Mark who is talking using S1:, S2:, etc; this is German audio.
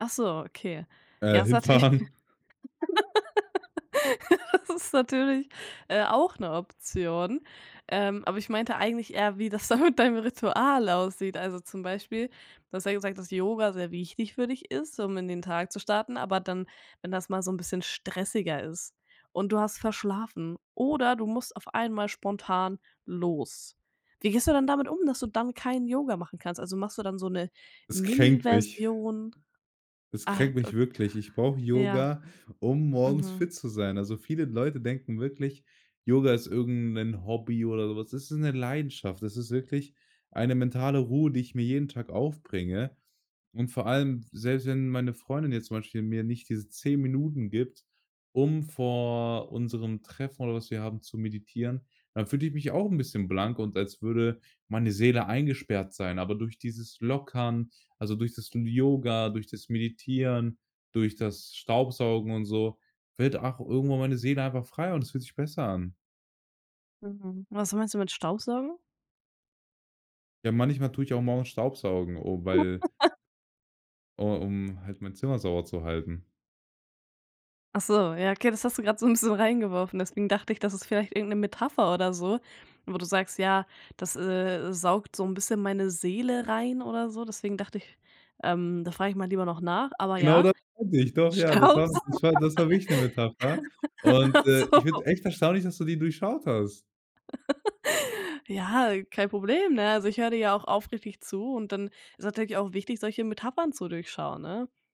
S1: Ach so, okay, ja
S2: Äh,
S1: das ist natürlich
S2: Hinfahren.
S1: das ist natürlich, äh, auch 'ne Option, ähm, aber ich meinte eigentlich eher wie das da mit deinem Ritual aussieht, also zum Beispiel, du hast ja gesagt, dass Yoga sehr wichtig für dich ist, um in den Tag zu starten, aber dann, wenn das mal so 'n bisschen stressiger ist und du hast verschlafen oder du musst auf einmal spontan los. Wie gehst du dann damit um, dass du dann kein Yoga machen kannst, also machst du dann so 'ne
S2: Es
S1: Mini
S2: kränkt mich.
S1: Version?
S2: Es
S1: Ah,
S2: kränkt mich
S1: ok
S2: wirklich. Ich brauche
S1: Ja.
S2: Yoga, um morgens
S1: Mhm.
S2: fit zu sein. Also viele Leute denken wirklich, Yoga ist irgend 'nen Hobby oder so was. Das ist 'ne Leidenschaft. Das ist wirklich eine mentale Ruhe, die ich mir jeden Tag aufbringe, und vor allem selbst wenn meine Freundin jetzt zum Beispiel mir nicht diese 10 Minuten gibt, um vor unserem Treffen oder was wir haben, zu meditieren, dann fühle ich mich auch 'n bisschen blank und als würde meine Seele eingesperrt sein, aber durch dieses Lockern, also durch das L Yoga, durch das Meditieren, durch das Staubsaugen und so, fällt, ach, irgendwann meine Seele einfach frei und es fühlt sich besser an.
S1: Mhm. Was meinst du mit Staubsaugen?
S2: Ja, manchmal tue ich auch morgens Staubsaugen, oh, weil oh, um halt mein Zimmer sauber zu halten.
S1: Ach so, ja, okay, das hast du gerade so 'n bisschen reingeworfen, deswegen dachte ich, das ist vielleicht irgend 'ne Metapher oder so, wo du sagst: „Ja, das, äh, saugt so 'n bisschen meine Seele rein“ oder so. Deswegen dachte ich, ähm, da frage ich mal lieber noch nach, aber
S2: Genau
S1: ja,
S2: das meinte ich, doch ja, das war
S1: Staubsaugen.
S2: das war das war wirklich 'ne Metapher. Und,
S1: Ach
S2: äh, ich
S1: so.
S2: finde es echt erstaunlich, dass du die durchschaut hast.
S1: Ja, kein Problem, ne? Also, ich höre dir ja auch aufrichtig zu und dann ist es natürlich auch wichtig, solche Metaphern zu durchschauen, ne?